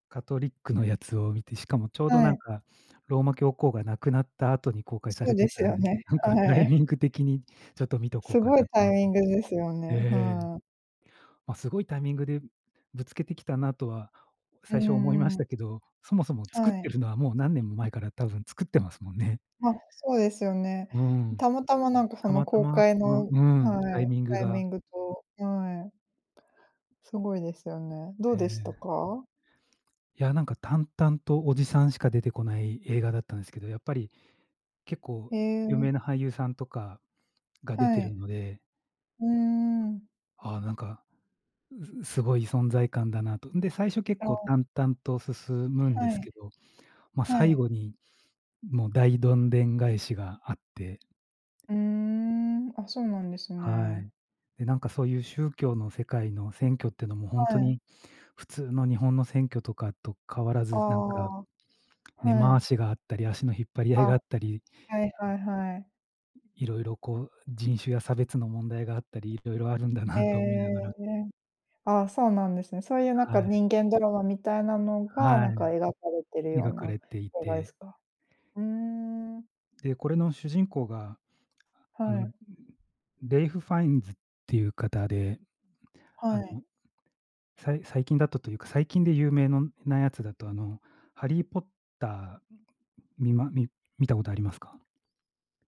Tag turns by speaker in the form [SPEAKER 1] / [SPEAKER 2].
[SPEAKER 1] カトリックのやつを見て、しかもちょうど、
[SPEAKER 2] は
[SPEAKER 1] なん
[SPEAKER 2] い。
[SPEAKER 1] か、ローマ教皇が亡くなった後に公開さ
[SPEAKER 2] そ
[SPEAKER 1] れ
[SPEAKER 2] う
[SPEAKER 1] て
[SPEAKER 2] です
[SPEAKER 1] たん
[SPEAKER 2] よ
[SPEAKER 1] な
[SPEAKER 2] ね、
[SPEAKER 1] んか、タ
[SPEAKER 2] は
[SPEAKER 1] イミ
[SPEAKER 2] い。
[SPEAKER 1] ング的に、ちょっと、見とこう
[SPEAKER 2] す
[SPEAKER 1] か
[SPEAKER 2] ごい
[SPEAKER 1] なと
[SPEAKER 2] タイ
[SPEAKER 1] 思っ
[SPEAKER 2] ミングですよね、
[SPEAKER 1] ええ。
[SPEAKER 2] はい。
[SPEAKER 1] まあ、すごいタイミングでぶつけてきたなとは
[SPEAKER 2] う
[SPEAKER 1] 最初思いま
[SPEAKER 2] ん
[SPEAKER 1] し
[SPEAKER 2] う
[SPEAKER 1] た
[SPEAKER 2] ん。
[SPEAKER 1] けど、そもそも作っ
[SPEAKER 2] はい。
[SPEAKER 1] てるのはもう何年も前から多分作ってますもんね。
[SPEAKER 2] ま、そうですよね。
[SPEAKER 1] うん。
[SPEAKER 2] たまたま、なんか、そ
[SPEAKER 1] た
[SPEAKER 2] の
[SPEAKER 1] また
[SPEAKER 2] 公
[SPEAKER 1] ま
[SPEAKER 2] 開
[SPEAKER 1] この
[SPEAKER 2] の
[SPEAKER 1] うん、タ
[SPEAKER 2] は
[SPEAKER 1] イ
[SPEAKER 2] い、
[SPEAKER 1] ミング
[SPEAKER 2] タイ
[SPEAKER 1] が
[SPEAKER 2] ミングとはい。すごいですよね。ど
[SPEAKER 1] え
[SPEAKER 2] うでした
[SPEAKER 1] え。
[SPEAKER 2] か？
[SPEAKER 1] いや、なんか、淡々とおじさんしか出てこない映画だったんですけど、やっぱり、結構
[SPEAKER 2] へ
[SPEAKER 1] 有
[SPEAKER 2] え。
[SPEAKER 1] 名な俳優さんとかが出
[SPEAKER 2] は
[SPEAKER 1] てる
[SPEAKER 2] い。
[SPEAKER 1] ので。
[SPEAKER 2] うーん。
[SPEAKER 1] ああ、なんか、ううすごい存在感だなと。んで、最初結
[SPEAKER 2] あ
[SPEAKER 1] 構
[SPEAKER 2] あ。
[SPEAKER 1] 淡々と進むんで
[SPEAKER 2] は
[SPEAKER 1] す
[SPEAKER 2] い。
[SPEAKER 1] けど、ま、
[SPEAKER 2] は
[SPEAKER 1] 最
[SPEAKER 2] い。
[SPEAKER 1] 後に、もう、大どんでん返しがあって。
[SPEAKER 2] うーん。あ、そうなんです
[SPEAKER 1] は
[SPEAKER 2] ね。
[SPEAKER 1] い。で、なんか、そういう宗教の世界の選挙ってのも本
[SPEAKER 2] は
[SPEAKER 1] 当
[SPEAKER 2] い。
[SPEAKER 1] に普通の日本の選挙とかと変わら
[SPEAKER 2] あ
[SPEAKER 1] ず、なんか、
[SPEAKER 2] あ、
[SPEAKER 1] 根
[SPEAKER 2] は
[SPEAKER 1] 回
[SPEAKER 2] い。
[SPEAKER 1] しがあったり、足の引っ張り合い
[SPEAKER 2] あ、
[SPEAKER 1] があったり
[SPEAKER 2] はいはいはい。
[SPEAKER 1] 色々、こう、人種や差別の問題があったり、色々あるんだ
[SPEAKER 2] へ
[SPEAKER 1] なと思いなが
[SPEAKER 2] え。
[SPEAKER 1] ら
[SPEAKER 2] あ、そうなんですね。そういう、なんか、
[SPEAKER 1] はい。
[SPEAKER 2] 人間ドラマみたいなのが、
[SPEAKER 1] は
[SPEAKER 2] なんか、
[SPEAKER 1] い。
[SPEAKER 2] 描かれているよう
[SPEAKER 1] 描か
[SPEAKER 2] な
[SPEAKER 1] れてい
[SPEAKER 2] 映画で
[SPEAKER 1] て。
[SPEAKER 2] すか？ふーん。
[SPEAKER 1] で、これの主人公が、ああ
[SPEAKER 2] は
[SPEAKER 1] の、
[SPEAKER 2] い。
[SPEAKER 1] レイフファインズっていう方で、
[SPEAKER 2] は
[SPEAKER 1] あの、
[SPEAKER 2] い。
[SPEAKER 1] さい最近だとというか、最近で有名のなやつだと、あの、ハリーポッターみまみ見たことありますか？